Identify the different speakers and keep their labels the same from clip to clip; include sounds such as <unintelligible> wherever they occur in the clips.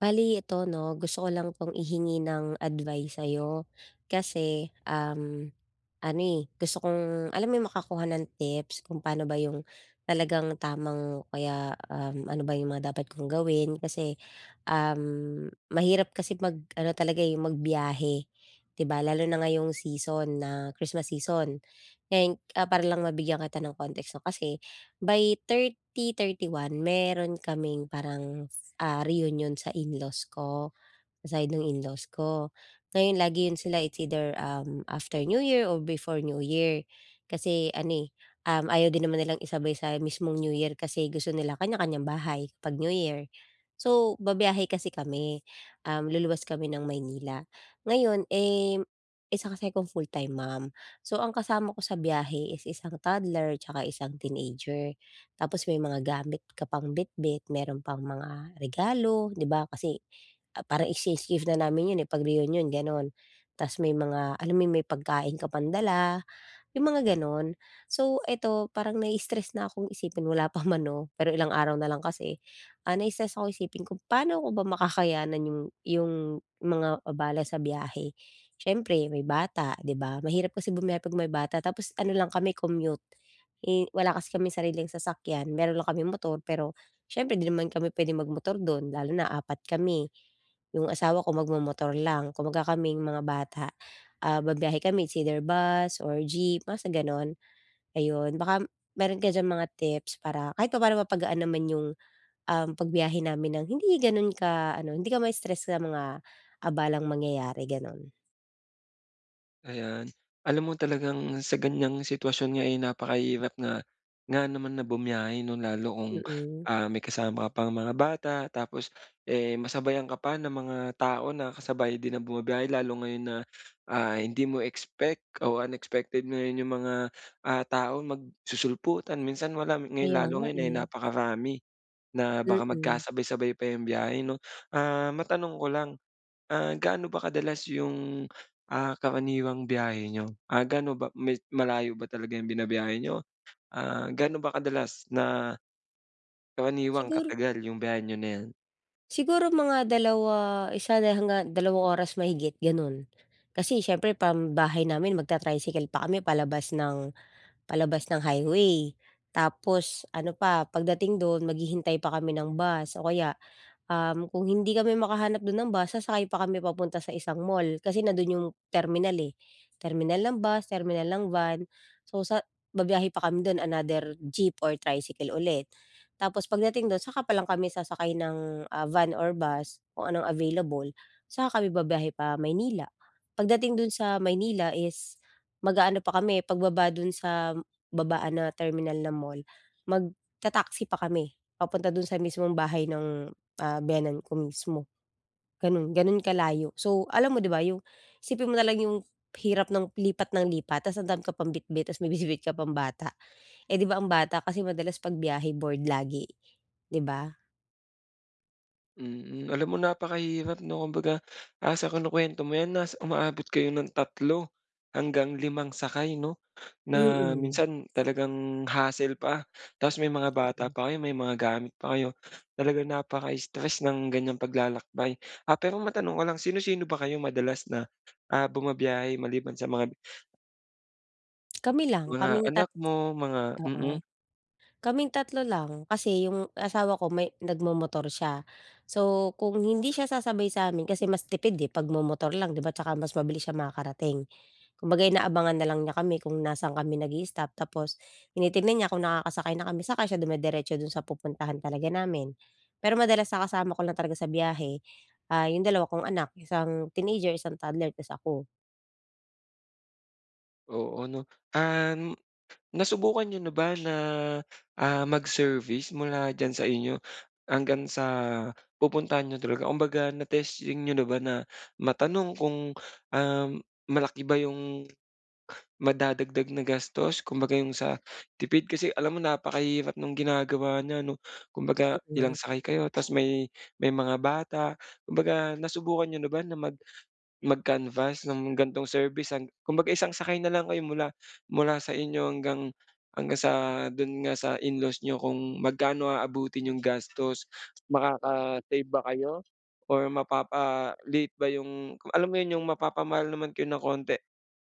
Speaker 1: Bale ito, 'no, gusto ko lang 'tong ihingi ng advice sa'yo. Kasi, um, ano, eh, gusto kong alam mo yung makakuha ng tips? Kung pano ba yung talagang tamang o kaya, um, ano ba yung mga dapat kong gawin? Kasi, um, mahirap kasi mag-ano talaga, eh, magbiyahe, di ba, lalo na ngayong season na Christmas season. And ah, para lang mabigyan kita ng context, 'no. Kasi by 30, 31, meron kaming parang, ah, reunion sa in-laws ko, sa side ng in-laws ko. Ngayon lagi yun sila, eh, it's either, um, after New Year or before New Year. Kasi ano, eh, um, ayaw din naman nilang isabay sa mismong New Year kasi gusto nila kanya-kanyang bahay 'pag New Year. So, babiyahe kasi kami, um, luluwas kami ng Maynila. Ngayon, eh, isa kasi akong full time mom. So ang kasama ko sa biyahe is isang toddler tsaka isang teenager. Tapos may mga gamit ka pang bitbit, meron pang mga regalo, 'di ba. Kasi ah, parang exchange gift na namin yun, eh, 'pag reunion gano'n. Ta's may mga alam mo yun, may pagkain ka pang dala, yung mga gano'n. So, ito parang nai-stress na akong isipin wala pa man 'no, pero ilang araw na lang kasi, ah, nai-stress akong isipin kung paano ko ba makakayanan yung yung mga abala sa biyahe? Siyempre, may bata, di ba, mahirap kasi bumiyahe 'pag may bata. Tapos ano lang kami commute, eh, wala kasi kaming sariling sasakyan. Meron lang kaming motor, pero siyempre 'di naman kami puwedeng mag-motor do'n, lalo na 4 kami. Yung asawa ko mag momotor lang kumbaga kaming mga bata, ah, babiyahe kami it's either bus or jeep, basta gano'n. Ayun, baka meron ka diyang mga tips para kahit papa'no mapagaan naman yung, um, pagbiyahe namin ng hindi gano'n ka ano, hindi ka ma-stress sa mga abalang mangyayari, gano'n.
Speaker 2: Ayan. Alam mo talagang sa ganyang sitwasyon nga, eh, napakahirap nga nga naman na bumiyahe 'no, lalo kung,
Speaker 1: Mm.
Speaker 2: ah, may kasama ka pang mga bata, tapos, eh, masabayan ka pa ng mga tao na kasabay din ang bumibiyahe lalo ngayon na, ah, hindi mo expect o unexpected mo 'yung mga, ah, tao magsusulputan. Minsan wala, eh,
Speaker 1: Kaya
Speaker 2: lalo
Speaker 1: nga,
Speaker 2: ngayon ay
Speaker 1: eh.
Speaker 2: napakarami, na baka
Speaker 1: Mm.
Speaker 2: magkasabay-sabay pa 'yung biyahe 'no. Ah, matanong ko lang, ah, gaano ba kadalas 'yung, ah, karaniwang biyahe niyo? Ah, gaano ba may malayo ba talaga 'yung binabiyahe niyo? Ah, gaano ba kadalas na, karaniwang
Speaker 1: Sigur
Speaker 2: katagal 'yung biyahe niyo na 'yan?
Speaker 1: siguro mga 2, 1 hanggang 2 oras mahigit ganun. Kasi siyempre pambahay namin magta-tricycle pa kami palabas ng, palabas ng highway. Tapos ano pa, pagdating do'n maghihintay pa kami ng bus. O kaya, um, kung hindi kami makahanap do'n ng bus sasakay pa kami papunta sa isang mall. Kasi nando'n 'yung terminal eh, terminal ng bus, terminal ng van. So, sa babiyahe pa kami do'n another jeep or tricycle ulit. Tapos pagdating do'n saka pa lang kami sasakay ng, ah, van or bus, kung anong available. Saka kami babiyahe pa Maynila. Pagdating do'n sa Maynila is, mag-aano pa kami pagbaba do'n sa babaan na terminal na mall magta-taxi pa kami papunta do'n sa mismong bahay ng, ah, biyenan ko mismo. Gano'n, gano'n kalayo. So, alam mo 'di ba 'yung, isipin mo na lang 'yung hirap ng lipat ng lipat, tapos ang dami ka pang bitbit tapos may bitbit ka pang bata, eh 'di ba ang bata kasi madalas 'pag biyahe bored lagi, 'di ba?
Speaker 2: Mm, alam mo napakahirap 'no? Kumbaga ah, sa kinukuwento mo 'yan nas umaabot kayo ng 3 hanggang 5 sakay no? Na
Speaker 1: Mm.
Speaker 2: minsan talagang hassle pa. Tas may mga bata
Speaker 1: Oo.
Speaker 2: pa kayo, may mga gamit pa kayo. Talagang napaka-stress ng ganiyang paglalakbay. Ah, pero matanong ko lang sino-sino ba kayong madalas na, ah, bumabiyahe maliban sa mga <breath>
Speaker 1: <clicks tongue> Kami lang.
Speaker 2: mga
Speaker 1: Kaming tat
Speaker 2: anak mo, mga mm.
Speaker 1: oo. Kaming 3 lang, kasi yung asawa ko may nagmomotor siya. So, kung hindi siya sasabay sa'min kasi mas tipid, eh, 'pag momotor lang 'di ba. Tsaka mas mabilis siyang makakarating, kumbaga inaabangan nalang niya kami kung nasa'n kami nag-i-stop. Tapos tinitignan niya kung nakakasakay na kami, saka siya dumiretso do'n sa pupuntahan talaga namin. Pero madalas na kasama ko lang talaga sa biyahe ah, yung 2 kong anak- isang teenager, isang toddler- tas ako.
Speaker 2: Oo 'no. Um, nasubukan niyo na ba na ah, mag-service mula diyan sa inyo, hanggang sa pupuntahan niyo talaga? Kumbaga na-testing niyo na ba na matanong kung, um, malaki ba 'yung madadagdag na gastos? Kumbaga yung sa tipid, kasi alam mo napakahirap no'ng ginagawa niya 'no. Kumbaga
Speaker 1: Mm.
Speaker 2: ilang sakay kayo tapos may, may mga bata. Kumbaga nasubukan niyo na ba na mag mag-canvass ng ganitong service hang kumbaga isang sakay na lang kayo mula mula sa inyo hanggang hanggang sa do'n nga sa in-laws niyo kung magkano aabutin nyo'ng gastos. Makaka-save ba kayo? Or mapapaliit ba yung alam mo yun, yung mapapamahal naman kayo ng konti,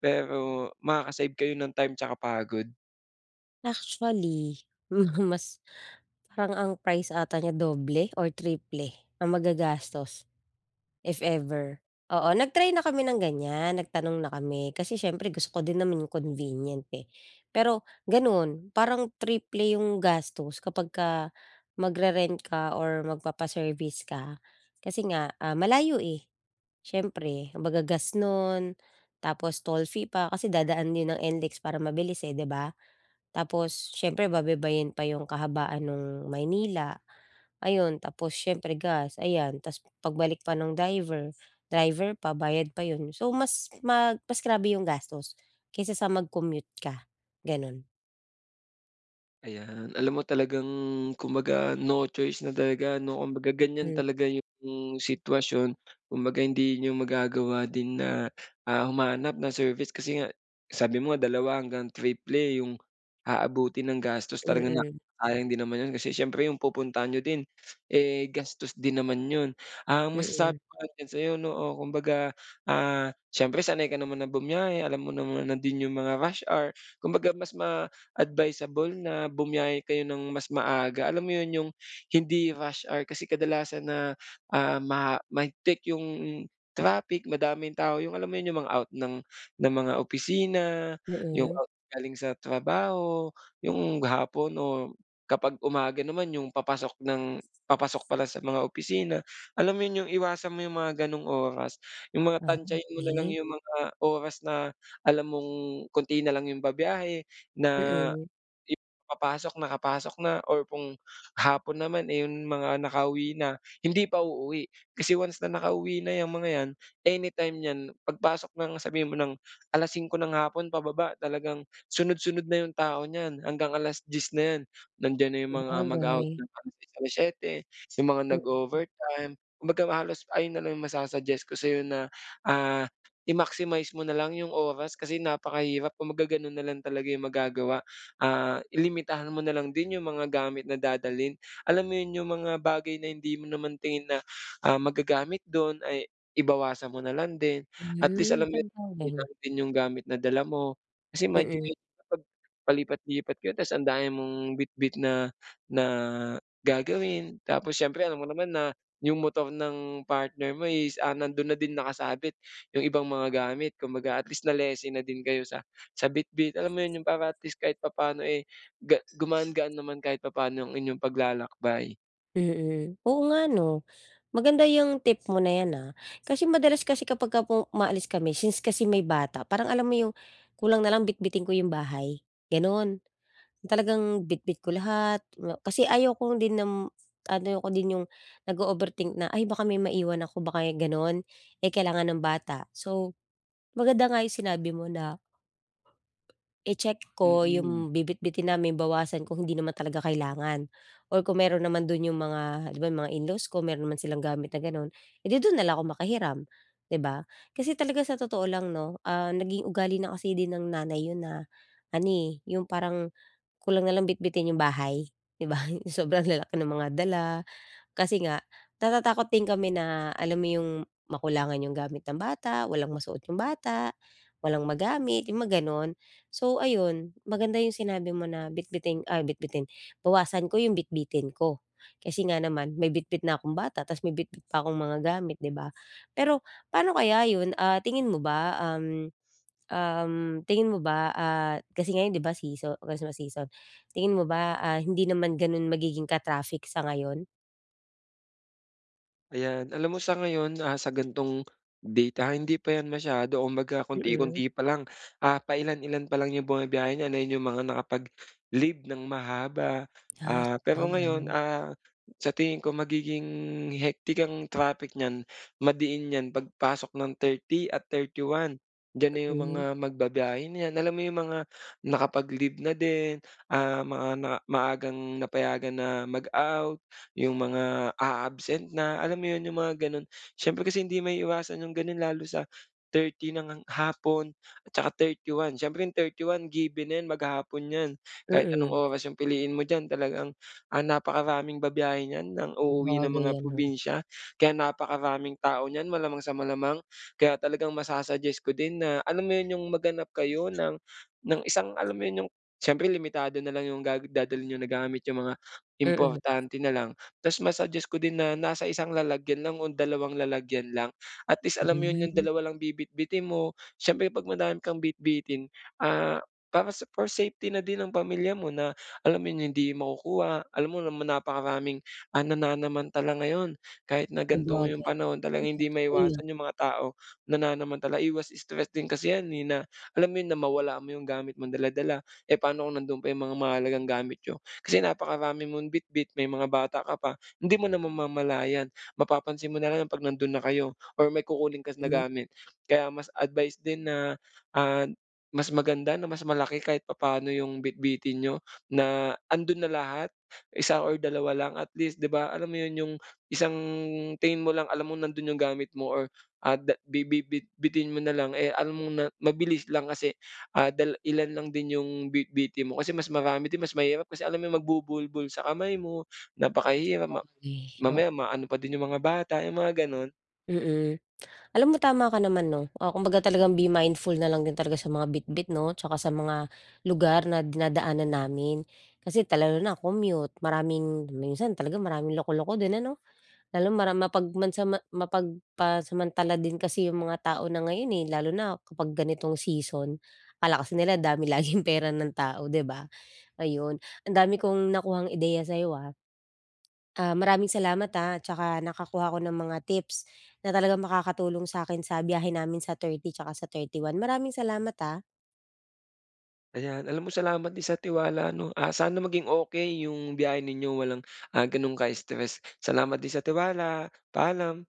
Speaker 2: pero makaka-save kayo ng time 'tsaka pagod.
Speaker 1: Actually, <chuckles> mas parang ang price ata niya doble or triple ang magagastos, if ever. Oo, nag-try na kami ng ganyan, nagtanong na kami. Kasi siyempre, gusto ko din naman 'yung convenient, eh. Pero gano'n, parang triple 'yung gastos kapagka magre-rent ka or magpapa-service ka. Kasi nga, ah, malayo, eh. Siyempre, kumbaga gas no'n, tapos toll fee pa, kasi dadaan 'yun ng NLEX para mabilis, eh, di ba? Tapos siyempre babaybayin pa 'yung kahabaan no'ng Maynila. Ayun, tapos siyempre gas, ayan. Tapos pagbalik pa ng driver, driver pa, bayad pa yun. So, mas <snorts> mag mas grabe 'yung gastos, kaysa sa mag-commute ka, gano'n.
Speaker 2: Ayan, alam mo talagang kumbaga, no choice na talaga, no? Kumbaga ganyan
Speaker 1: Hmm.
Speaker 2: talaga 'yung sitwasyon. Kumbaga hindi niyo magagawa din na, ah, humanap ng service. Kasi nga, sabi mo dalawa hanggang triple 'yung aabutin ng gastos. Talagang, ah,
Speaker 1: Mm.
Speaker 2: sayang din naman 'yun, kasi siyempre 'yung pupuntahan niyo din, eh, gastos din naman 'yun. Ang masasabi
Speaker 1: Mm.
Speaker 2: ko lang sa'yo, no, o, kumbaga, ah, siyempre sanay ka naman na bumiyahe, alam mo naman na din 'yung mga rush hour. Kumbaga mas ma-advisable na bumiyahe kayo nang mas maaga. Alam mo yun, 'yung hindi rush hour. Kasi kadalasan na, ah, ma mahigpit 'yung traffic, madaming tao. 'Yung alam mo yun, 'yung mga out ng ng mga opisina, 'yung
Speaker 1: Mm.
Speaker 2: out galing sa trabaho, 'yung hapon o kapag umaga naman 'yung papasok ng papasok pala sa mga opisina alam mo 'yun 'yung iwasan mo 'yung mga gano'ng oras. 'Yung mga
Speaker 1: Ah,
Speaker 2: tantiyahin mo nalang
Speaker 1: okey.
Speaker 2: 'yung mga oras na alam mong konti na lang 'yung babiyahe na
Speaker 1: Mm.
Speaker 2: i papasok, nakapasok na or kung hapon naman, eh, 'yung mga nakauwi na hindi pa uuwi. Kasi once na nakauwi na 'yang mga 'yan, anytime niyan pagpasok ng sabihin mo ng 5:00 ng hapon pababa talagang sunod-sunod na 'yung tao niyan. Hanggang 10:00 na 'yan, nandiyan na 'yung mga mag-a-out
Speaker 1: Sabagay.
Speaker 2: ng <unintelligible> 7:00, sa mga
Speaker 1: Hmm.
Speaker 2: nag-o-overtime. Kumbaga halos ayun na lang 'yung masa-suggest ko sa'yo na, ah, i-maximize mo nalang 'yung oras, kasi napakahirap. Kumbaga gano'n nalang talaga 'yung magagawa, ah, i-limitahan mo na lang din 'yung mga gamit na dadalhin. Alam mo yun, 'yung mga bagay na hindi mo naman tingin na, ah, magagamit do'n, ay i bawasan mo na lang din. At least, alam niyo na 'yun lang din 'yung gamit na dala mo. Kasi medyo
Speaker 1: Mm.
Speaker 2: <unintelligible> kapag palipat-lipat ka tapos ang dami mong bitbit na, na gagawin tapos siyempre alam mo naman na 'yung motor ng partner mo, is, ah, nando'n na din nakasabit 'yung ibang mga gamit kumbaga at least na-lessen na din kayo sa sa bitbit, alam mo 'yun, 'yung para at least kahit papaano, eh, ga gumaan-gaan naman kahit papaano ang inyong paglalakbay.
Speaker 1: Mm, oo nga 'no? Maganda 'yung tip mo na 'yan ah. Kasi madalas kasi kapagka po umaalis kami since kasi may bata, parang alam mo 'yung kulang nalang bitbitin ko 'yung bahay, ganun. Talagang bitbit ko lahat nga kasi ayaw kong din nam ayaw ko din 'yung nag-o-overthink na "Ay, baka may maiwan ako." baka 'yung ganun. Eh, kailangan ng bata, so maganda nga 'yung sinabi mo na i-check ko
Speaker 2: Mm.
Speaker 1: 'yung bibitbitin namin, bawasan kung hindi naman talaga kailangan. Or kung meron naman do'n 'yung mga 'di ba, 'yung mga in-laws ko meron naman silang gamit na gano'n, eh, 'di do'n na lang ako maki hiram 'di ba? Kasi talaga sa totoo lang 'no, ah, naging ugali na kasi din ng nanay 'yun na ano, eh, 'yung parang kulang nalang bitbitin 'yung bahay, 'di ba? 'Yung sobrang lalaki ng mga dala. Kasi nga, natatakot din kami na alam mo 'yung makulangan 'yung gamit ng bata, walang masuot 'yung bata, walang magamit, 'yung mga gano'n. So ayun, maganda 'yung sinabi mo na bitbitin, ay bitbitin- bawasan ko 'yung bitbitin ko. kasi nga naman may bitbit na akong bata tapos may bitbit pa akong mga gamit 'di ba? Pero paano kaya 'yun? Ah, tingin mo ba um, um, tingin mo ba, ah, kasi ngayon 'di ba seaso Christmas season. Tingin mo ba, ah, hindi naman gano'n magiging ka-traffic sa ngayon?
Speaker 2: Ayan, alam mo sa ngayon ah, sa ganitong date ah, hindi pa 'yan masyado kumbaga,
Speaker 1: Mm.
Speaker 2: konti-konti pa lang. Ah, pailan-ilan pa lang 'yung bumibiyahe niyan, ayun 'yung mga nakapag-leave ng mahaba.
Speaker 1: Ah,
Speaker 2: Ah, pero ngayon
Speaker 1: sabagay.
Speaker 2: ah, sa tingin ko magiging hectic ang traffic niyan madiin niyan pagpasok ng 30 at 31, diyan na yung mga
Speaker 1: Mm.
Speaker 2: magba-biyahe niyan, alam mo 'yung mga nakapag-leave na din. Ah, mga ma maagang napayagan na mag-out, 'yung mga aabsent na, alam mo 'yun, 'yung mga gano'n. Siyempre kasi hindi maiiwasan 'yung gano'n lalo sa 30 nang hapon at saka 31 siyempre 31 given na 'yan, maghapon 'yan. Kahit anong
Speaker 1: Mm.
Speaker 2: oras 'yong piliin mo diyan talagang, ah, napakaraming babiyahe niyan nang uuwi ng
Speaker 1: Sabagay
Speaker 2: mga
Speaker 1: ano.
Speaker 2: probinsya. Kaya napakaraming tao niyan, malamang sa malamang. Kaya talagang masa-suggest ko din na alam mo 'yun, 'yung maghanap kayo ng ng isang alam mo 'yun, 'yung siyempre limitado nalang 'yung ga dadalhin niyo na gamit, 'yung mga
Speaker 1: Mm.
Speaker 2: importante nalang. Tapos ma-suggest ko din na nasa isang lalagyan lang o dalawang lalagyan lang. At least alam mo 'yun 'yung
Speaker 1: Hmm.
Speaker 2: dalawa lang bibitbitin mo. Siyempre 'pag madami kang bitbitin ah, para sa for safety na din ang pamilya mo na alam 'yung hindi makukuha, alam mo naman napakaraming ah, nananamantala ngayon kahit na ganito 'yung
Speaker 1: Sabagay,
Speaker 2: panahon,
Speaker 1: mm,
Speaker 2: talagang hindi
Speaker 1: totoo 'yun.
Speaker 2: maiwasan iyung mga tao nananamantala, iwas stress din kasi 'yan, eh, na alam mo yun, na mawala mo 'yung gamit mong dala-dala. Eh, paano kung nandun pa 'yung mga mahalagang gamit niyo? Kasi napakarami mong bitbit, may mga bata ka pa, hindi mo naman mamamalayan. Mapapansin mo nalang ang 'pag nando'n na kayo, or may kukunin ka na
Speaker 1: Hmm
Speaker 2: gamit. Kaya mas advice din na, ah, mas maganda na mas malaki kahit papaano 'yung bitbitin niyo na ando'n na lahat isa or dalawa lang at least 'di ba, alam mo yun, 'yung isang tingin mo lang alam mong nando'n 'yung gamit mo or ah, da bi bi bitbitin mo nalang, eh, alam mong na mabilis lang kasi, ah, dal ilan lang din 'yung bitbitin mo, kasi mas marami din mas mahirap. Kasi alam mo magbubuhol-buhol sa kamay mo, napakahirap. Ma
Speaker 1: Okey, o
Speaker 2: mamaya, maano pa din 'yung mga bata, 'yung mga gano'n.
Speaker 1: Mm, <clicks tongue> alam mo tama ka naman 'no. Oh, kumbaga talagang be mindful na lang din talaga sa mga bitbit 'no? Tsaka sa mga lugar na dinadaanan namin. Kasi, ta lalo na commute maraming minsan talaga maraming loko-loko din ano? Lalo mara mapag mansama mapag pasamantala din kasi 'yung mga tao na ngayon, eh. Lalo na kapag ganitong season. Akala kasi nila dami laging pera ng tao 'di ba? Ayun ang dami kong nakuhang ideya sayo, ah? Ah, maraming salamat ha? 'Tsaka nakakuha ko ng mga tips na talagang makakatulong sa'kin sa biyahe namin sa 30 'tsaka sa 31. Maraming salamat ha.
Speaker 2: Ayan, alam mo salamat din sa tiwala 'no? Ah, sana maging okey 'yung biyahe ninyo walang, ah, gano'n ka-stress. Salamat din sa tiwala, paalam.